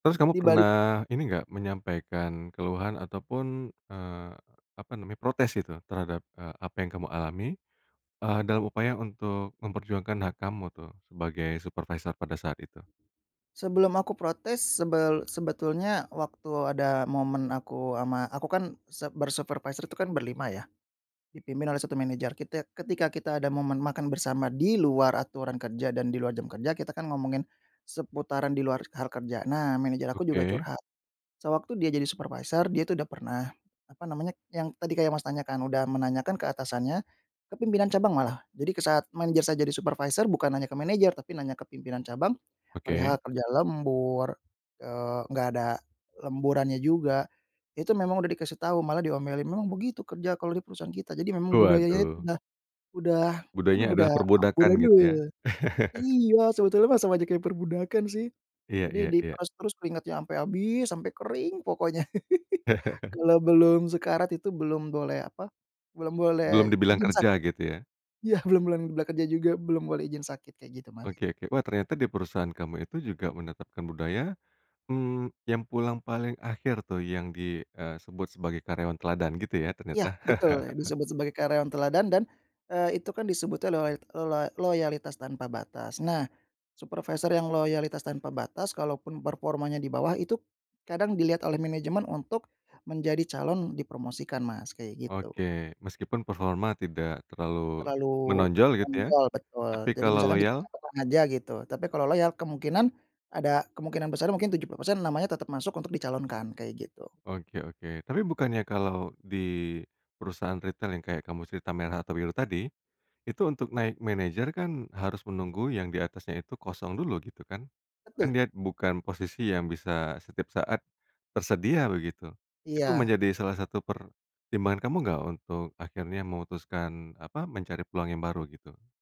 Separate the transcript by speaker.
Speaker 1: Di
Speaker 2: Terus kamu
Speaker 1: dibalik.
Speaker 2: pernah ini nggak, menyampaikan keluhan ataupun, eee, apa namanya, protes gitu terhadap, eee, apa yang kamu alami, eee, dalam upaya untuk memperjuangkan hak kamu tuh sebagai supervisor pada saat itu?
Speaker 1: Sebelum aku protes, sebel sebetulnya waktu ada momen aku ama, aku kan sep ber supervisor tuh kan berlima ya, dipimpin oleh satu manajer. Kitek ketika kita ada momen makan bersama di luar aturan kerja dan di luar jam kerja, kita kan ngomongin seputaran di luar hal kerja. Nah, manajer aku juga
Speaker 2: Oke.
Speaker 1: curhat. Sewaktu dia jadi supervisor, dia itu udah pernah apa namanya, yang tadi kayak, Mas, tanyakan, udah menanyakan ke atasannya, ke pimpinan cabang malah. Jadi, ke saat manajer saya jadi supervisor, bukan hanya ke manajer, tapi nanya ke pimpinan cabang perihal
Speaker 2: Oke.
Speaker 1: kerja lembur, eee, nggak ada lemburannya juga. Itu memang udah dikasih tahu, malah diomelin, "Memang begitu kerja kalau di perusahaan kita". Jadi memang budayanya itu
Speaker 2: Waduh.
Speaker 1: udah udah, aduh,
Speaker 2: Budayanya adalah
Speaker 1: udah udah.
Speaker 2: perbudakan, gitu, ya.
Speaker 1: [unintelligible] Iya, sebetulnya mah sama aja kayak perbudakan, sih.
Speaker 2: Iya
Speaker 1: Jadi,
Speaker 2: iya iya.
Speaker 1: diperas terus keringatnya sampai habis, sampai kering pokoknya. Kalau belum sekarat itu belum boleh apa, belum boleh
Speaker 2: Belum dibilang
Speaker 1: izin
Speaker 2: kerja,
Speaker 1: sakit.
Speaker 2: gitu, ya?
Speaker 1: Iya, belum boleh bekerja juga belum boleh izin sakit, kayak gitu, Mas.
Speaker 2: Oke oke, wah, ternyata di perusahaan kamu itu juga menetapkan budaya, hmm, yang pulang paling akhir tuh yang di, eee, sebut sebagai karyawan teladan, gitu ya,
Speaker 1: Iya,
Speaker 2: ternyata?
Speaker 1: betul, e disebut sebagai karyawan teladan dan eee, itu kan disebutnya loyalt loloa loyalitas tanpa batas. Nah, supervisor yang loyalitas tanpa batas, kalaupun performanya di bawah itu kadang dilihat oleh manajemen untuk menjadi calon dipromosikan, Mas, kayak gitu.
Speaker 2: Oke. Meskipun performa tidak terlalu
Speaker 1: Terlalu
Speaker 2: menonjol, gitu ya,
Speaker 1: nonjol, betul.
Speaker 2: tapi
Speaker 1: Jadi
Speaker 2: kalau
Speaker 1: misalkan di
Speaker 2: loyal?
Speaker 1: [unintelligible] aja gitu, tapi kalau loyal kemungkinan, ada kemungkinan besarnya mungkin 70%, namanya tetap masuk untuk dicalonkan, kayak gitu.
Speaker 2: Oke oke, tapi bukannya kalau di perusahaan retail yang kayak kamu cerita, merah atau biru tadi, itu untuk naik manager kan harus menunggu yang di atasnya itu kosong dulu, gitu kan. Kan
Speaker 1: Betul.
Speaker 2: dia bukan posisi yang bisa setiap saat tersedia, begitu. Itu
Speaker 1: Iya.
Speaker 2: menjadi salah satu pertimbangan kamu nggak untuk akhirnya memutuskan apa, mencari peluang yang baru, gitu?